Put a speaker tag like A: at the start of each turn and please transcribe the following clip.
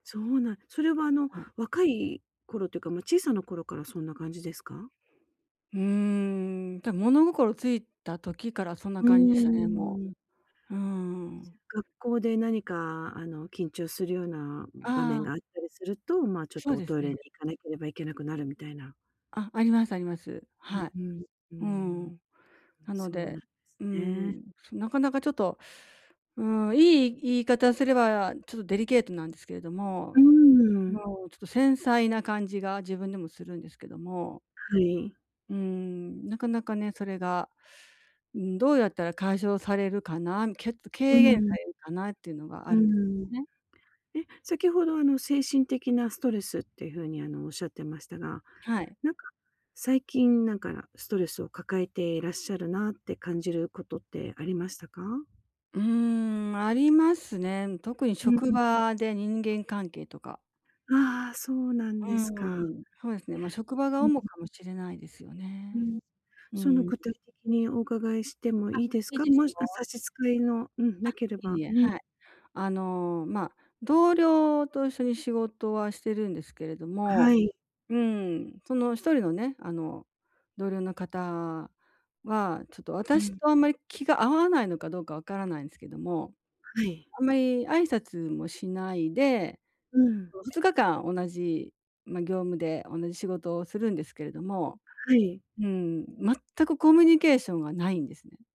A: そうなん、それはあの、
B: うん。
A: 若い頃というか、ま、小さな頃からそんな感じですか？
B: うーん、た物心ついた時からそんな
A: う
B: 感じ
A: んう
B: でしたね、
A: んう
B: も
A: んうん。
B: う。うーん。
A: 学校で何かあの、緊張するような
B: あ
A: 場面
B: あ。
A: があったりすると、ま、ちょっ
B: そ
A: と
B: う
A: お
B: です
A: トイレに
B: ね。
A: 行かなければいけなくなるみたいな。
B: あ、ありますあります。
A: う、
B: はい。
A: うん、う
B: う
A: ん。
B: ん。なの
A: そうなん
B: で、
A: です
B: う
A: ね。
B: ん、なかなかちょっと、うん、良い言い方すればちょっとデリケートなんですけれど
A: う
B: も、
A: ーん。
B: もう、ちょっと繊細な感じが自分でもするんですけども。
A: はい。
B: うん、なかなかね、それが、うん、どうやったら解消されるかな、け軽
A: う
B: 減さ
A: ん。
B: れるかなっていうのがあ
A: う
B: るんで
A: ん。
B: すね。
A: え、先ほどあの精神的なストレスっていう風にあの、仰ってましたが、
B: はい。
A: なんか、最近なんかストレスを抱えていらっしゃるなって感じることってありましたか？
B: うん、ありますね。特に
A: うん、
B: 職
A: うん。
B: 場で人間関係とか。
A: ああ、そうなん
B: う
A: ですか。
B: ん、そうですね。ま、職場が
A: ん、ん。
B: 主かもしれないですよ
A: う
B: ね。
A: ん、
B: う
A: その
B: ん。
A: 具体的にお伺いしても
B: あ、
A: いいです
B: いい
A: か？
B: です
A: もし
B: よ。
A: 差し支えのうん、
B: あ、
A: なけれ
B: い
A: ば、
B: いえ、
A: う
B: は
A: ん。
B: い。あの、まあ、同僚と一緒に仕事はしてるんですけれど
A: は
B: も、
A: い。
B: うん、その一人のね、あの同僚の方は、ちょっと
A: う
B: 私
A: ん。
B: とあんまり気が合わないのかどうかわからないんすけども、
A: はい。
B: あんまり挨拶もしないで
A: うん。
B: 2日間同じ、ま、業務で同じ仕事をするんですけれども。
A: はい。
B: うん、全くコミュニケーションがないんですね。